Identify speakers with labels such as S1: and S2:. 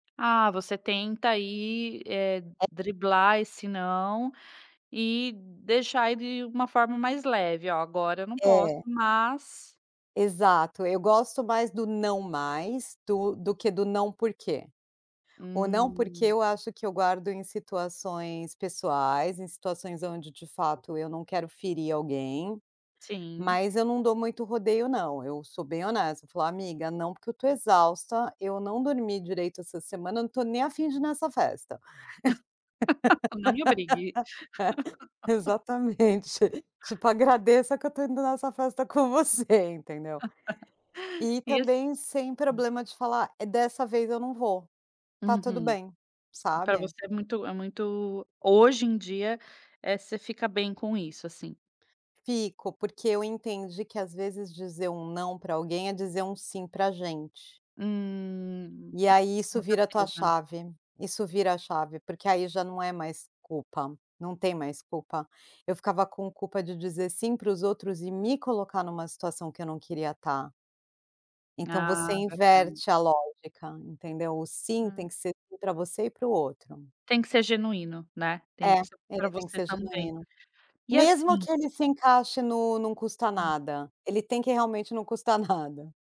S1: Ah, você tenta aí, eh,
S2: É.
S1: driblar esse não, e deixar ele uma forma mais leve, olha, agora eu não posso,
S2: É.
S1: mas
S2: Exato, eu gosto mais do "Não mais" do do que do "Não porquê". O não porque
S1: Hum.
S2: eu acho que eu guardo em situações pessoais, em situações onde de fato eu não quero ferir alguém,
S1: Sim.
S2: mas eu não dou muito rodeio não, eu sou bem honesta, falo: "Amiga não porque eu estou exausta, eu não dormi direito essa semana, eu não tô nem a fim de ir nessa festa".
S1: Não me obrigue.
S2: Exatamente. Tipo agradeça que eu estou indo nessa festa com você, entendeu? E
S1: E esse.
S2: também sem
S1: Hum.
S2: problema de falar, é dessa vez eu não vou, está tudo
S1: Uhum.
S2: bem,
S1: Pra
S2: sabe.
S1: você é muito é muito, hoje em dia, eh, você fica bem com isso, assim.
S2: Fico porque eu entendi que às vezes dizer um não pra alguém é dizer um sim pra gente.
S1: Hum,
S2: E aí isso
S1: com
S2: vira a tua
S1: certeza.
S2: chave, isso vira a chave porque aí já não é mais culpa, não tem mais culpa. Eu ficava com culpa de dizer sim pros outros e me colocar numa situação que eu não queria tá. Então você
S1: Ah, verdade.
S2: inverte a lógica, entendeu? O sim tem
S1: Hum.
S2: que ser sim pra você e pro outro.
S1: Tem que ser genuíno, né. Tem
S2: É,
S1: que ser pra
S2: ele tem que
S1: você
S2: ser
S1: também.
S2: genuíno.
S1: E
S2: Mesmo
S1: assim
S2: que ele se encaixe no "Não custa
S1: Hum.
S2: nada", ele tem que realmente não custa nada.